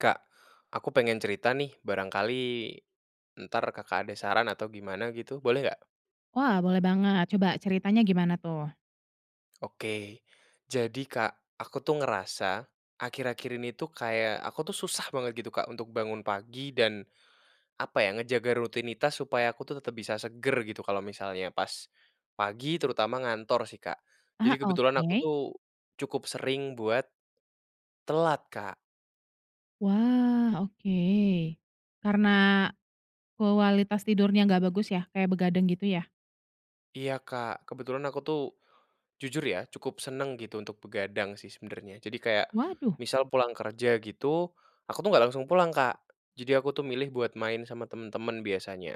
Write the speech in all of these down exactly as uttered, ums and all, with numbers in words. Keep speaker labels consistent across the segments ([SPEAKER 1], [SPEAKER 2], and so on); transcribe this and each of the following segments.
[SPEAKER 1] Kak, aku pengen cerita nih. Barangkali, entar Kakak ada saran, atau gimana, gitu, boleh nggak?
[SPEAKER 2] Wah, boleh banget, coba, ceritanya gimana, tuh?
[SPEAKER 1] Oke. Jadi Kak, aku tuh ngerasa, akhir-akhir ini tuh, kayak, aku tuh, susah banget, gitu Kak, untuk bangun pagi. Dan, apa ya, ngejaga rutinitas supaya aku tuh, tetap bisa segar, gitu, kalau misalnya pas, pagi, terutama ngantor sih, Kak. Jadi,
[SPEAKER 2] Ah,
[SPEAKER 1] kebetulan aku
[SPEAKER 2] oke.
[SPEAKER 1] tuh, cukup sering buat, telat Kak.
[SPEAKER 2] Wah, oke. Karena, kualitas tidurnya nggak bagus ya, kayak begadang, gitu ya?
[SPEAKER 1] Iya Kak, kebetulan aku tuh. Jujur ya, cukup senang, gitu, untuk begadang sih, sebenernya. Jadi, kayak
[SPEAKER 2] Waduh.
[SPEAKER 1] misal, pulang kerja, gitu, aku tuh nggak langsung pulang Kak. Jadi, aku tuh, milih buat main sama temen-temen biasanya,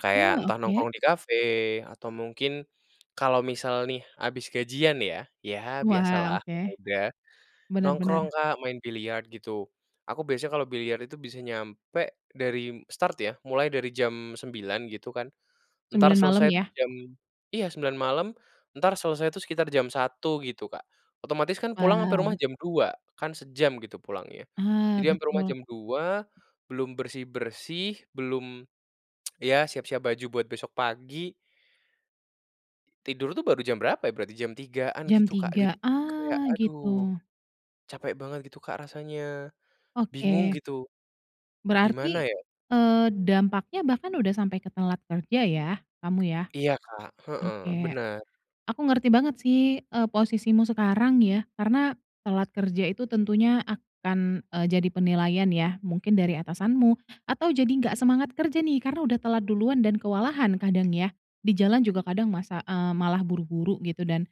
[SPEAKER 1] kayak,
[SPEAKER 2] Uh,
[SPEAKER 1] entah,
[SPEAKER 2] oke.
[SPEAKER 1] nongkrong di cafe, atau mungkin, kalau misal nih, habis gajian ya, ya biasa
[SPEAKER 2] Wah,
[SPEAKER 1] lah
[SPEAKER 2] oke.
[SPEAKER 1] pemuda,
[SPEAKER 2] Benar
[SPEAKER 1] nongkrong
[SPEAKER 2] benar.
[SPEAKER 1] Kak, main biliar, gitu. Aku, biasanya kalau biliar itu, bisa nyampe, dari start ya, mulai dari jam sembilan gitu kan, entar,
[SPEAKER 2] sembilan malam,
[SPEAKER 1] selesai
[SPEAKER 2] ya?
[SPEAKER 1] jam iya sembilan malam, entar selesai tuh, sekitar jam satu gitu, Kak. Otomatis kan, pulang, ampe rumah
[SPEAKER 2] Wow.
[SPEAKER 1] jam dua kan, sejam gitu, pulangnya.
[SPEAKER 2] Ah,
[SPEAKER 1] Jadi, ampe rumah
[SPEAKER 2] betul.
[SPEAKER 1] jam dua, belum bersih-bersih, belum, ya, siap-siap baju, buat besok pagi. Tidur tuh, baru jam berapa, ya, berarti, jam tigaan
[SPEAKER 2] Jam
[SPEAKER 1] gitu, Kak. Jadi,
[SPEAKER 2] tiga,
[SPEAKER 1] kayak,
[SPEAKER 2] ah,
[SPEAKER 1] "Aduh,
[SPEAKER 2] gitu?
[SPEAKER 1] capek banget." gitu Kak, rasanya. Bingung
[SPEAKER 2] Oke.
[SPEAKER 1] gitu, gimana
[SPEAKER 2] Berarti,
[SPEAKER 1] ya?
[SPEAKER 2] eee, dampaknya bahkan udah sampai ke telat kerja ya, kamu, ya.
[SPEAKER 1] Iya Kak, heeh,
[SPEAKER 2] Oke,
[SPEAKER 1] benar.
[SPEAKER 2] aku ngerti banget sih, eee, posisimu sekarang ya. Karena, telat kerja itu, tentunya akan, eee, jadi penilaian ya, mungkin dari atasanmu, atau, jadi nggak semangat kerja nih, karena udah telat duluan, dan kewalahan kadang, ya, di jalan juga, kadang masa, eee, malah buru-buru gitu, dan,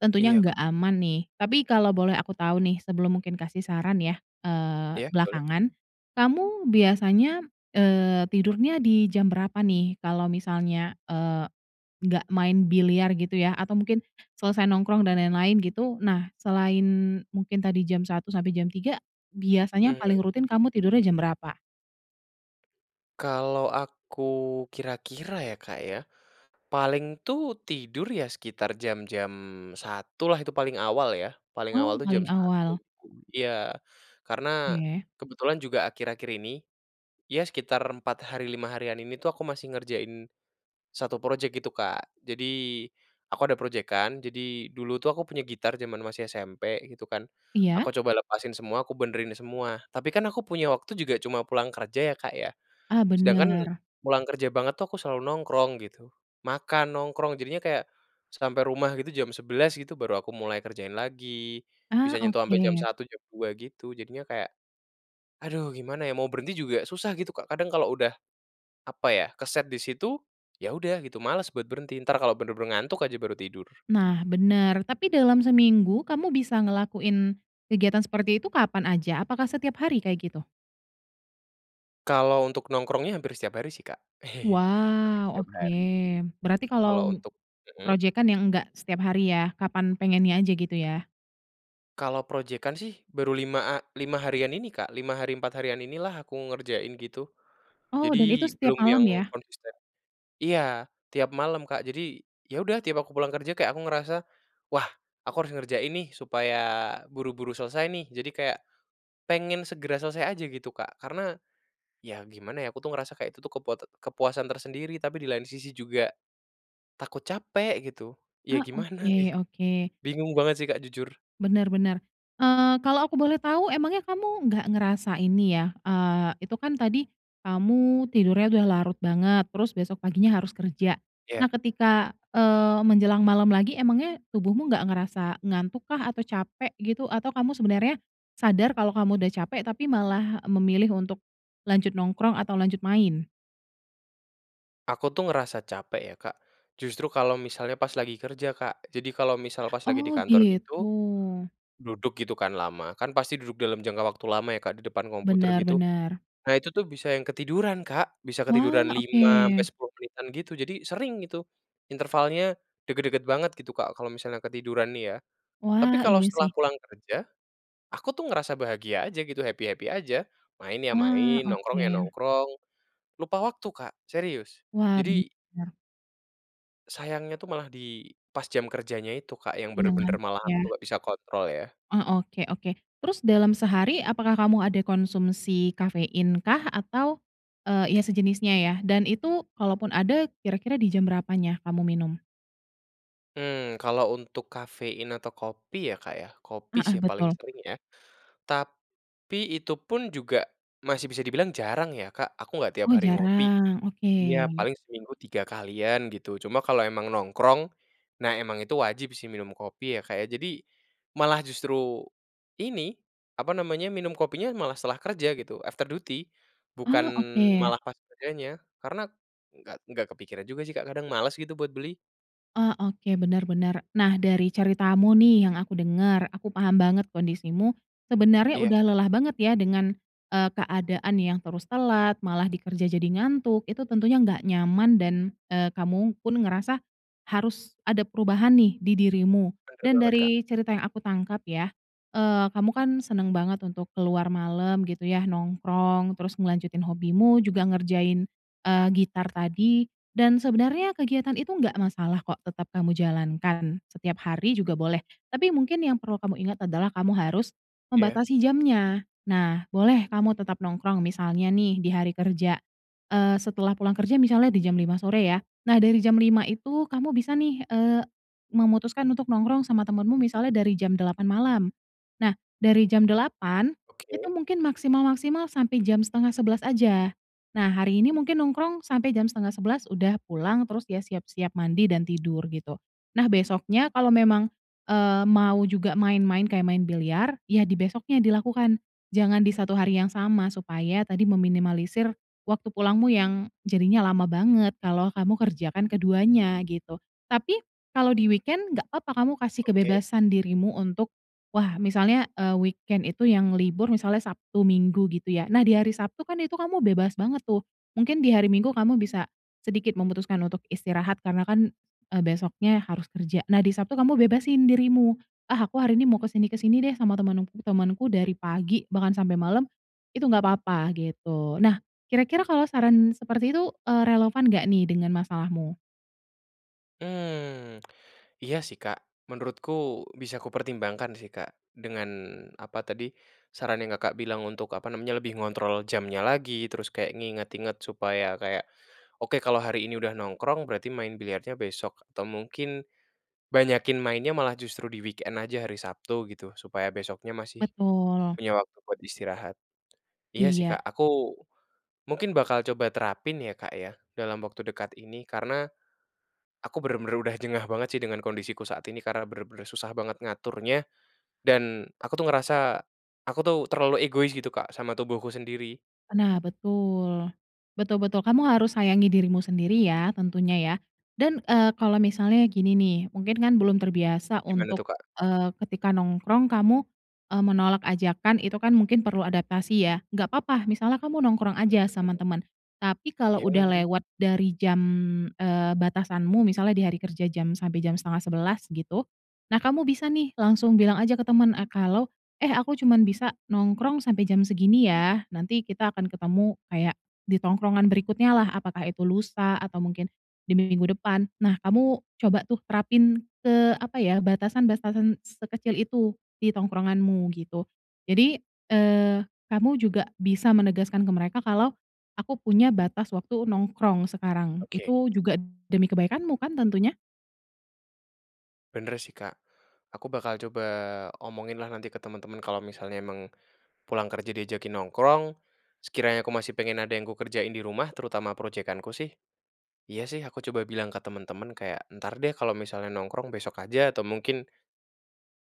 [SPEAKER 2] tentunya
[SPEAKER 1] Iya
[SPEAKER 2] nggak
[SPEAKER 1] Kak.
[SPEAKER 2] aman nih. Tapi, kalau boleh aku tahu nih, sebelum mungkin kasih saran, ya, eee,
[SPEAKER 1] Iya, boleh?
[SPEAKER 2] belakangan. Kamu, biasanya, eee, tidurnya di jam berapa nih, kalau misalnya, eee, nggak main biliar, gitu, ya, atau mungkin, selesai nongkrong, dan lain-lain, gitu, nah, selain, mungkin tadi jam satu, sampai jam tiga, biasanya, paling
[SPEAKER 1] Mhm.
[SPEAKER 2] rutin kamu tidurnya, jam berapa?
[SPEAKER 1] Kalau aku kira-kira, ya, Kak, ya. Paling tuh, tidur, ya sekitar jam-jam satu lah, itu paling awal ya, paling awal
[SPEAKER 2] Wow,
[SPEAKER 1] tuh jam
[SPEAKER 2] paling
[SPEAKER 1] satu,
[SPEAKER 2] awal.
[SPEAKER 1] tuh iya. Karena,
[SPEAKER 2] Oke.
[SPEAKER 1] kebetulan juga, akhir-akhir ini, ya, sekitar empat hari, lima harian, ini tuh, aku masih ngerjain satu projek, gitu Kak. Jadi, aku ada projekan, jadi, dulu tuh aku punya gitar, jaman masih SMP, gitu kan.
[SPEAKER 2] Iya.
[SPEAKER 1] Aku coba lepasin semua, aku benerin semua, tapi kan, aku punya waktu juga cuma pulang kerja, ya, Kak, ya.
[SPEAKER 2] Ah,
[SPEAKER 1] Sedangkan,
[SPEAKER 2] benar.
[SPEAKER 1] pulang kerja banget tuh, aku selalu nongkrong gitu, makan, nongkrong. Jadinya kayak, sampai rumah gitu, jam sebelas gitu, baru aku mulai kerjain lagi,
[SPEAKER 2] Ah,
[SPEAKER 1] bisa nyentuh ampe jam
[SPEAKER 2] oke.
[SPEAKER 1] satu, jam dua, gitu. Jadinya kayak, "Aduh, gimana ya? Mau berhenti juga susah." gitu Kak. Kadang, kalau udah, apa ya, keset di situ, ya udah gitu, males buat berhenti, entar, kalau benar-benar ngantuk aja, baru tidur.
[SPEAKER 2] Nah, benar, tapi dalam seminggu, kamu bisa ngelakuin kegiatan seperti itu, kapan aja? Apakah setiap hari, kayak, gitu?
[SPEAKER 1] Kalau, untuk nongkrongnya hampir setiap hari sih, Kak. Hampir
[SPEAKER 2] Wow,
[SPEAKER 1] setiap
[SPEAKER 2] oke.
[SPEAKER 1] hari.
[SPEAKER 2] Berarti,
[SPEAKER 1] Kalau,
[SPEAKER 2] kalau,
[SPEAKER 1] untuk mhm?
[SPEAKER 2] projekan yang, enggak setiap hari, ya? Kapan, pengennya aja, gitu ya?
[SPEAKER 1] Kalau projekan sih, baru lima lima harian ini, Kak. lima hari, empat harian ini lah, aku ngerjain, gitu.
[SPEAKER 2] Oh, dan itu,
[SPEAKER 1] Jadi,
[SPEAKER 2] setiap
[SPEAKER 1] belum yang
[SPEAKER 2] malam, ya?
[SPEAKER 1] konsisten iya, tiap malam Kak. Jadi, ya udah, tiap aku pulang kerja, kayak, aku ngerasa, "Wah, aku harus ngerjain nih, supaya buru-buru selesai, nih." jadi, kayak, pengen segera selesai aja, gitu Kak. Karena, ya, gimana ya, aku tuh, ngerasa kayak, itu tuh, kepot kepuasan tersendiri, tapi di lain sisi, juga, takut capek gitu, ya
[SPEAKER 2] Ah,
[SPEAKER 1] gimana,
[SPEAKER 2] oke
[SPEAKER 1] gitu.
[SPEAKER 2] oke.
[SPEAKER 1] Bingung banget sih, Kak, jujur.
[SPEAKER 2] Benar benar, eee, kalau aku boleh tahu, emangnya kamu nggak ngerasa ini, ya, eee, itu kan, tadi kamu tidurnya udah larut banget, terus besok paginya, harus kerja.
[SPEAKER 1] Iya.
[SPEAKER 2] Nah, ketika, eee, menjelang malam lagi, emangnya tubuhmu nggak ngerasa ngantuk kah, atau capek, gitu? Atau, kamu sebenarnya sadar, kalau kamu udah capek, tapi malah memilih untuk lanjut nongkrong, atau lanjut main?
[SPEAKER 1] Aku tuh, ngerasa capek ya, Kak. Justru, kalau misalnya, pas, lagi kerja Kak, jadi, kalau misal, pas, lagi di
[SPEAKER 2] Oh,
[SPEAKER 1] kantor,
[SPEAKER 2] gitu?
[SPEAKER 1] gitu, duduk, gitu. Kan, lama kan, pasti duduk dalam jangka waktu lama, ya, Kak, di depan komputer,
[SPEAKER 2] Benar
[SPEAKER 1] gitu.
[SPEAKER 2] benar.
[SPEAKER 1] Nah, itu tuh, bisa yang ketiduran Kak, bisa
[SPEAKER 2] Wah,
[SPEAKER 1] ketiduran lima ampe
[SPEAKER 2] oke.
[SPEAKER 1] sepuluh menitan gitu, jadi, sering itu. Intervalnya, dekat-dekat banget gitu, Kak, kalau misalnya ketiduran nih, ya. Tapi,
[SPEAKER 2] Wah,
[SPEAKER 1] kalau
[SPEAKER 2] iya sih.
[SPEAKER 1] setelah pulang kerja, aku tuh, ngerasa bahagia aja gitu, happy-happy aja, main ya
[SPEAKER 2] Ah,
[SPEAKER 1] main, nongkrong ya
[SPEAKER 2] oke.
[SPEAKER 1] nongkrong, lupa waktu Kak, serius.
[SPEAKER 2] Wah,
[SPEAKER 1] Jadi
[SPEAKER 2] benar.
[SPEAKER 1] sayangnya tuh, malah di, pas, jam kerjanya itu, Kak, yang
[SPEAKER 2] Iya,
[SPEAKER 1] benar-benar,
[SPEAKER 2] ngantuk
[SPEAKER 1] malah aku
[SPEAKER 2] ya?
[SPEAKER 1] tuh, nggak bisa kontrol, ya.
[SPEAKER 2] Oh, oke oke. Terus, dalam sehari apakah kamu ada konsumsi kafein kah? Atau, eee, iya, sejenisnya ya, dan itu, kalaupun ada, kira-kira di jam berapanya, kamu minum?
[SPEAKER 1] Mmm, kalau untuk kafein, atau kopi, ya, Kak, ya, kopi sih,
[SPEAKER 2] Heeh,
[SPEAKER 1] paling
[SPEAKER 2] betul.
[SPEAKER 1] sering, ya. Tapi, itu pun juga masih bisa dibilang jarang, ya, Kak, aku nggak tiap
[SPEAKER 2] Oh,
[SPEAKER 1] hari ngopi.
[SPEAKER 2] jarang? Oke.
[SPEAKER 1] Iya, paling seminggu tiga kalian, gitu, cuma kalau emang nongkrong. Nah, emang itu wajib sih, minum kopi ya, Kak, ya. Jadi, malah justru, ini, apa namanya, minum kopinya malah setelah kerja, gitu, after duty, bukan
[SPEAKER 2] Ah, oke.
[SPEAKER 1] malah pas kerjanya. Karena, nggak nggak kepikiran juga sih, Kak, kadang males, gitu, buat beli.
[SPEAKER 2] Ah, oke, benar benar. Nah, dari ceritamu nih, yang aku dengar, aku paham banget kondisimu, sebenarnya
[SPEAKER 1] Iya.
[SPEAKER 2] udah lelah banget ya, dengan, eee, keadaan yang terus telat, malah di kerja, jadi ngantuk. Itu, tentunya nggak nyaman, dan, eee, kamu pun ngerasa, harus ada perubahan nih, di dirimu,
[SPEAKER 1] Benar
[SPEAKER 2] dan
[SPEAKER 1] banget, Kak.
[SPEAKER 2] dari cerita yang aku tangkap, ya, eee, kamu kan, senang banget untuk keluar malam gitu, ya, nongkrong, terus ngelanjutin hobimu, juga ngerjain, eee, gitar tadi, dan sebenarnya kegiatan itu, nggak masalah kok, tetap kamu jalankan, setiap hari juga boleh. Tapi, mungkin yang perlu kamu ingat adalah, kamu harus
[SPEAKER 1] Iya.
[SPEAKER 2] membatasi jamnya. Nah, boleh kamu tetap nongkrong misalnya nih, di hari kerja, eee, setelah pulang kerja misalnya, di jam lima sore, ya. Nah, dari jam lima itu, kamu bisa nih, eee, memutuskan untuk nongkrong sama temanmu, misalnya, dari jam delapan malam. Nah, dari jam delapan, itu
[SPEAKER 1] Oke.
[SPEAKER 2] mungkin maksimal-maksimal sampai jam setengah sebelas aja. Nah, hari ini mungkin nongkrong sampai jam setengah sebelas udah pulang, terus, ya, siap-siap mandi, dan tidur, gitu. Nah, besoknya kalau memang, eee, mau juga main-main, kayak main biliar ya, di besoknya, dilakukan, jangan di satu hari yang sama. Supaya, tadi, meminimalisir waktu pulangmu, yang jadinya lama banget, kalau kamu kerjakan keduanya, gitu. Tapi, kalau di weekend, nggak papa kamu kasih
[SPEAKER 1] Oke.
[SPEAKER 2] kebebasan dirimu untuk, wah, misalnya, eee, weekend itu yang libur, misalnya Sabtu, Minggu, gitu ya. Nah, di hari Sabtu kan, itu kamu bebas banget tuh, mungkin di hari Minggu kamu bisa sedikit memutuskan untuk istirahat, karena kan, eee, besoknya harus kerja. Nah, di Sabtu kamu bebasin dirimu, "Ah, aku hari ini mau ke sini ke sini deh, sama teman-temanku dari pagi, bahkan sampai malam." itu, nggak papa, gitu. Nah, kira-kira kalau saran seperti itu, eee, relevan nggak nih, dengan masalahmu?
[SPEAKER 1] Mmm, iya, sih, Kak. Menurutku, bisa aku pertimbangkan sih, Kak. Dengan, apa tadi, saran yang Kakak bilang untuk, apa namanya, lebih ngontrol jamnya lagi, terus, kayak nginget-inget, supaya kayak, "Oke, kalau hari ini udah nongkrong, berarti main biliarnya besok, atau mungkin, banyakin mainnya malah justru di weekend aja, hari Sabtu." gitu, supaya besoknya masih
[SPEAKER 2] Betul.
[SPEAKER 1] punya waktu buat istirahat. Iya sih,
[SPEAKER 2] Iya.
[SPEAKER 1] Kak, aku, mungkin bakal coba terapin, ya, Kak, ya, dalam waktu dekat ini. Karena, aku benar-benar udah jengah banget sih, dengan kondisi ku saat ini, karena benar-benar susah banget, ngaturnya. Dan, aku tuh, ngerasa, aku tuh, terlalu egois gitu, Kak, sama tubuhku sendiri.
[SPEAKER 2] Nah, betul. Betul betul, kamu harus sayangi dirimu sendiri ya, tentunya, ya. Dan, eee, kalau misalnya gini nih, mungkin kan, belum terbiasa
[SPEAKER 1] Gimana tuh,
[SPEAKER 2] untuk,
[SPEAKER 1] Kak?
[SPEAKER 2] eee, ketika nongkrong kamu, eee, menolak ajakan, itu kan, mungkin perlu adaptasi, ya, nggak papa, misalnya kamu nongkrong aja sama
[SPEAKER 1] [unintelligible]
[SPEAKER 2] teman. Tapi, kalau
[SPEAKER 1] Iya,
[SPEAKER 2] udah
[SPEAKER 1] lagi.
[SPEAKER 2] lewat dari jam, eee, batasanmu misalnya di hari kerja jam sampai jam setengah sebelas, gitu. Nah, kamu bisa nih, langsung bilang aja ke temen ah kalau, "Eh, aku cuma bisa nongkrong sampai jam segini ya, nanti, kita akan ketemu, kayak, di tongkrongan berikutnya, lah." apakah itu lusa, atau mungkin di minggu depan. Nah, kamu coba tuh, terapin ke, apa ya, batasan-batasan sekecil itu, di tongkronganmu, gitu. Jadi, eee, kamu juga bisa menegaskan ke mereka kalau, "Aku punya batas waktu nongkrong sekarang."
[SPEAKER 1] Oke.
[SPEAKER 2] itu, juga demi kebaikanmu kan, tentunya.
[SPEAKER 1] Benar sih, Kak. Aku bakal coba omongin lah, nanti ke teman-teman, kalau misalnya emang, pulang kerja diajakin nongkrong, sekiranya aku masih pengen, ada yang aku kerjain di rumah, terutama projekan ku, sih. Iya sih, aku coba bilang ke teman-teman kayak, "Entar deh," kalau misalnya nongkrong, "besok aja, atau mungkin"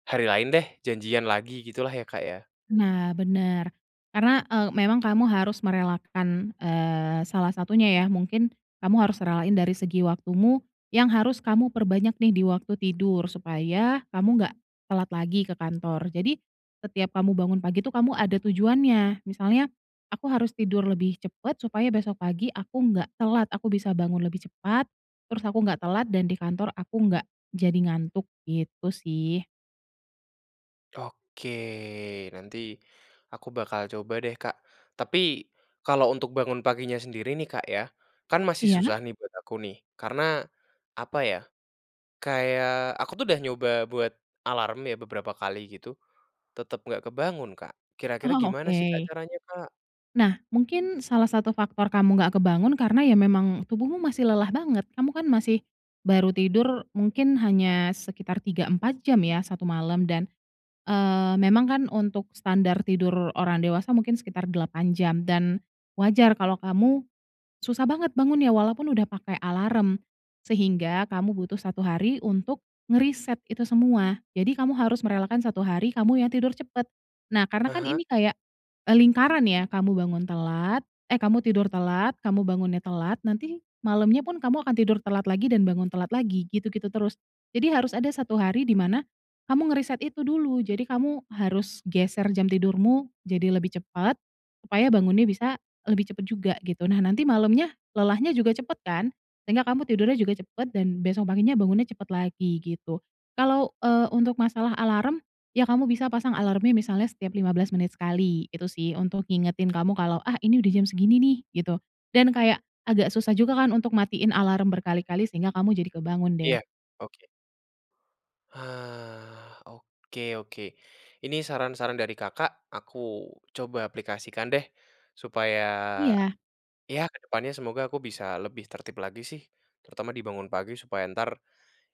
[SPEAKER 1] "hari lain deh, janjian lagi." gitu lah, ya, Kak, ya?
[SPEAKER 2] Nah, benar. Karena, eee, memang kamu harus merelakan, eee, salah satunya, ya. Mungkin, kamu harus relain dari segi waktumu, yang harus kamu perbanyak nih, di waktu tidur, supaya, kamu nggak telat lagi ke kantor. Jadi, setiap kamu bangun pagi tuh, kamu ada tujuannya, misalnya, "Aku harus tidur lebih cepat, supaya besok pagi aku nggak telat, aku bisa bangun lebih cepat, terus aku nggak telat dan di kantor aku nggak jadi ngantuk." gitu sih.
[SPEAKER 1] Oke, nanti aku bakal coba deh, Kak. Tapi, kalau untuk bangun paginya sendiri nih, Kak, ya. Kan, masih
[SPEAKER 2] Iya?
[SPEAKER 1] susah nih, buat aku nih. Karena, apa ya, kayak, aku tuh, udah nyoba buat alarm ya, beberapa kali gitu, tetap nggak kebangun, Kak. Kira-kira
[SPEAKER 2] Oh,
[SPEAKER 1] gimana sih, Kak,
[SPEAKER 2] oke.
[SPEAKER 1] caranya, Kak?
[SPEAKER 2] Nah, mungkin salah satu faktor kamu nggak kebangun karena, ya memang, tubuhmu masih lelah banget. Kamu kan, masih, baru tidur mungkin hanya sekitar tiga, empat jam ya, satu malam, dan, eee, memang kan, untuk standar tidur orang dewasa mungkin sekitar delapan jam, dan, wajar kalau kamu susah banget bangunnya, walaupun udah pakai alarm, sehingga kamu butuh satu hari untuk ngereset itu semua. Jadi, kamu harus merelakan satu hari, kamu yang tidur cepat. Nah, karena kan,
[SPEAKER 1] Heeh?
[SPEAKER 2] ini kayak, eee, lingkaran, ya, kamu bangun telat, eh, kamu tidur telat, kamu bangunnya telat. Nanti, malamnya pun kamu akan tidur telat lagi, dan bangun telat lagi, gitu-gitu terus. Jadi, harus ada satu hari, dimana, kamu ngereset itu dulu, jadi kamu harus geser jam tidurmu, jadi lebih cepat. Supaya, bangunnya bisa lebih cepat juga, gitu. Nah, nanti malamnya, lelahnya juga cepat kan, sehingga kamu tidurnya juga cepat dan besok paginya bangunnya cepat lagi, gitu. Kalau, eee, untuk masalah alarm, ya, kamu bisa pasang alarmnya misalnya setiap lima belas menit sekali, gitu sih. Untuk, ngingetin kamu kalau, "Ah, ini udah jam segini nih." gitu, dan kayak agak susah juga, kan, untuk matiin alarm berkali-kali sehingga kamu jadi kebangun, deh.
[SPEAKER 1] Iya. Oke. Hah, oke oke. Ini, saran-saran dari Kakak, aku coba aplikasikan deh. Supaya,
[SPEAKER 2] Iya.
[SPEAKER 1] ya, kedepannya semoga aku bisa lebih tertib lagi, sih. Terutama, dibangun pagi, supaya, entar,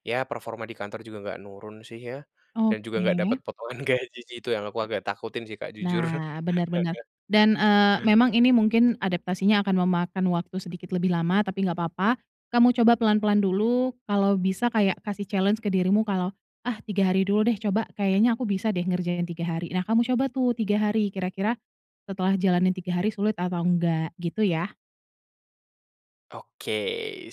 [SPEAKER 1] ya performa di kantor juga nggak nurun sih, ya. Dan, juga, nggak dapat
[SPEAKER 2] Oke.
[SPEAKER 1] potongan gaji, sih. Itu, yang aku agak takutin sih, Kak, jujur.
[SPEAKER 2] Nah, benar benar. Dan, eee, memang ini mungkin adaptasinya akan memakan waktu sedikit lebih lama. Tapi, nggak papa, kamu coba pelan-pelan dulu, kalau bisa kayak kasih challenge ke dirimu kalau, "Ah, tiga hari dulu deh, coba, kayaknya, aku bisa deh, ngerjain tiga hari." Nah, kamu coba tuh, tiga hari, kira-kira setelah jalanin tiga hari, sulit atau enggak, gitu ya.
[SPEAKER 1] Oke,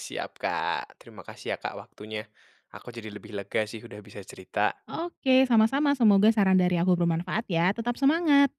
[SPEAKER 1] siap Kak. Terima kasih, ya, Kak, waktunya. Aku, jadi lebih lega sih, udah bisa cerita.
[SPEAKER 2] Oke, sama-sama. Semoga saran dari aku bermanfaat, ya. Tetap semangat.